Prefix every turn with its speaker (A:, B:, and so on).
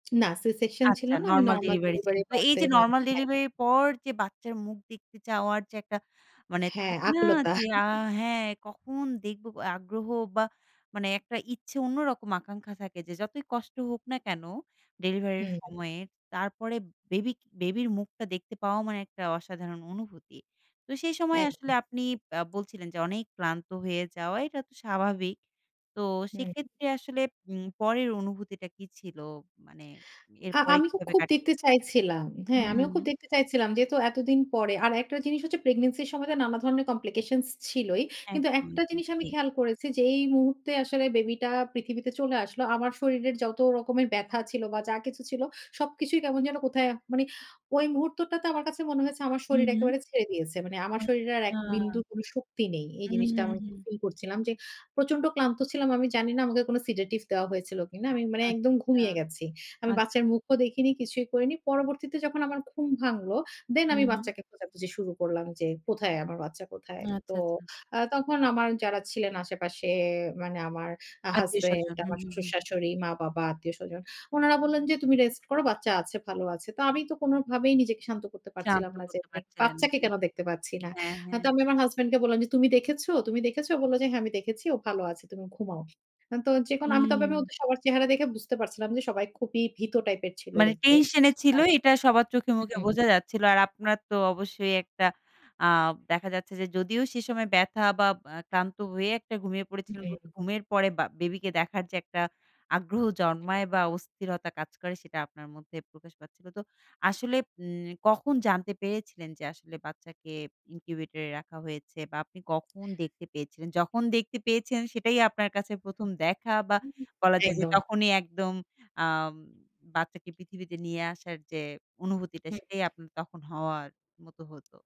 A: না, C section ছিল
B: আচ্ছা,
A: না। আমি
B: নরমাল
A: নরমাল
B: ডেলিভারি ছিল।
A: ডেলিভারি
B: তো এই
A: করাতে
B: যে
A: [unintelligible]
B: নরমাল
A: হ্যাঁ,
B: ডেলিভারি
A: হ্যাঁ।
B: এর পর যে বাচ্চার মুখ দেখতে চাওয়ার যে একটা, মানে
A: হ্যাঁ,
B: থাকে না?
A: আকুলতা।
B: যে আ হ্যাঁ, কখন দেখব? আগ্রহ বা মানে একটা ইচ্ছে, অন্যরকম আকাঙ্খা থাকে যে, যতই কষ্ট হোক না কেন ডেলিভারি এর
A: হুম।
B: সময়ে? তারপরে বেবিক বেবির মুখটা দেখতে পাওয়া মানে একটা অসাধারণ অনুভূতি। তো সেই সময় আসলে
A: একদম।
B: আপনি আ বলছিলেন যে, অনেক ক্লান্ত হয়ে যাওয়া এটা তো স্বাভাবিক। তো
A: হুম, হুম।
B: সেক্ষেত্রে আসলে উম পরের অনুভূতিটা কি ছিল? মানে
A: আ
B: এরপরে
A: আমি খু
B: কিভাবে
A: খুব
B: কাটে?
A: দেখতে চাইছিলাম। হ্যাঁ,
B: হুম,
A: আমিও
B: হুম।
A: খুব দেখতে চাইছিলাম যেহেতু এতদিন পরে। আর একটা জিনিস হচ্ছে, প্রেগনেন্সির সময় তো নানা ধরনের কমপ্লিকেশনস ছিলই। কিন্তু
B: একদম,
A: একটা
B: একদম।
A: জিনিস আমি
B: জি।
A: খেয়াল করেছি যেই মুহূর্তে আসলে বেবি টা পৃথিবীতে চলে আসলো, আমার শরীরের যত রকমের ব্যাথা ছিল, বা যা কিছু ছিল, সবকিছুই কেমন যেন কোথায়, মানে ওই মুহূর্তটা তো আমার কাছে মনে হয়েছে, আমার
B: হু,
A: শরীর
B: হু।
A: একেবারে ছেড়ে দিয়েছে। মানে আমার শরীরে আর এক
B: আচ্ছা।
A: বিন্দুর কোন শক্তি নেই। এই
B: হুম,
A: জিনিসটা
B: হুম,
A: আমি খুব
B: হুম।
A: ফিল করছিলাম যে, প্রচণ্ড ক্লান্ত ছিলাম। আমি জানি না, আমাকে কোন সিডেটিভ দেওয়া হয়েছিল কিনা? আমি মানে একদম
B: আচ্ছা।
A: ঘুমিয়ে গেছি।
B: আ
A: আমি বাচ্চার মুখও দেখিনি, কিছুই করিনি। পরবর্তীতে যখন আমার ঘুম ভাঙল, দেন
B: হু,
A: আমি
B: হু।
A: বাচ্চাকে খোঁজাখুঁজি শুরু করলাম যে, "কোথায়? আমার বাচ্চা কোথায়?" তো
B: আচ্ছা, আচ্ছা।
A: আ তখন আমার যারা ছিলেন আশেপাশে মানে আমার আ হাসব্যান্ড,
B: আত্মীয়স্বজন। হুম,
A: আমার
B: হুম, হুম।
A: শ্বশুর-শাশুড়ি, মা-বাবা, আত্মীয়স্বজন। উনারা বললেন যে, "তুমি রেস্ট করো। বাচ্চা আছে, ভালো আছে।" তো আমি তো কোনভাবেই নিজেকে শান্ত করতে
B: শান্ত
A: পারছিলাম না, যে
B: করতে পারছিলেন না,
A: "বাচ্চাকে
B: জি।
A: কেন দেখতে পাচ্ছি না?"
B: হ্যাঁ,
A: আ
B: হ্যাঁ।
A: তো আমি আমার হাসব্যান্ড কে বললাম যে, "তুমি দেখেছো? তুমি দেখেছো?" ও বলল যে, "হ্যাঁ আমি দেখেছি। ও ভালো আছে। তুমি ঘুমাও।" তো যেকোনো আমি তবে
B: হুম।
A: ওদের সবার চেহারা দেখে বুঝতে পারছিলাম যে, সবাই খুবই ভীত টাইপের ছিল
B: মানে
A: দেখতে।
B: টেনশন এ ছিল,
A: আর
B: এটা সবার চোখে-মুখে
A: হুম।
B: বোঝা যাচ্ছিল। আর আপনার তো অবশ্যই একটা আ দেখা যাচ্ছে যে, যদিও সে সময় ব্যাথা বা আ ক্লান্ত হয়ে ঘুমিয়ে একটা পড়েছিলেন। ঘু
A: হুম।
B: ঘুমের পরে বা বেবিকে দেখার যে একটা আগ্রহ
A: হুম।
B: জন্মায় বা অস্থিরতা কাজ করে, সেটা আপনার মধ্যে প্রকাশ পাচ্ছিল। তো আসলে উম কখন জানতে পেরেছিলেন যে আসলে, বাচ্চাকে ইনকিউবেটর এ রাখা হয়েছে বা আপনি কখন দেখতে পেয়েছিলেন? যখন দেখতে পেয়েছেন, সেটাই আপনার কাছে ১ম দেখা বা
A: হু, হু।
B: বলা যায় যে,
A: একদম।
B: তখনই একদম, আম বাচ্চাকে পৃথিবীতে নিয়ে আসার যে অনুভূতিটা,
A: হুম।
B: সেটাই আপনার তখন হওয়ার মত হত?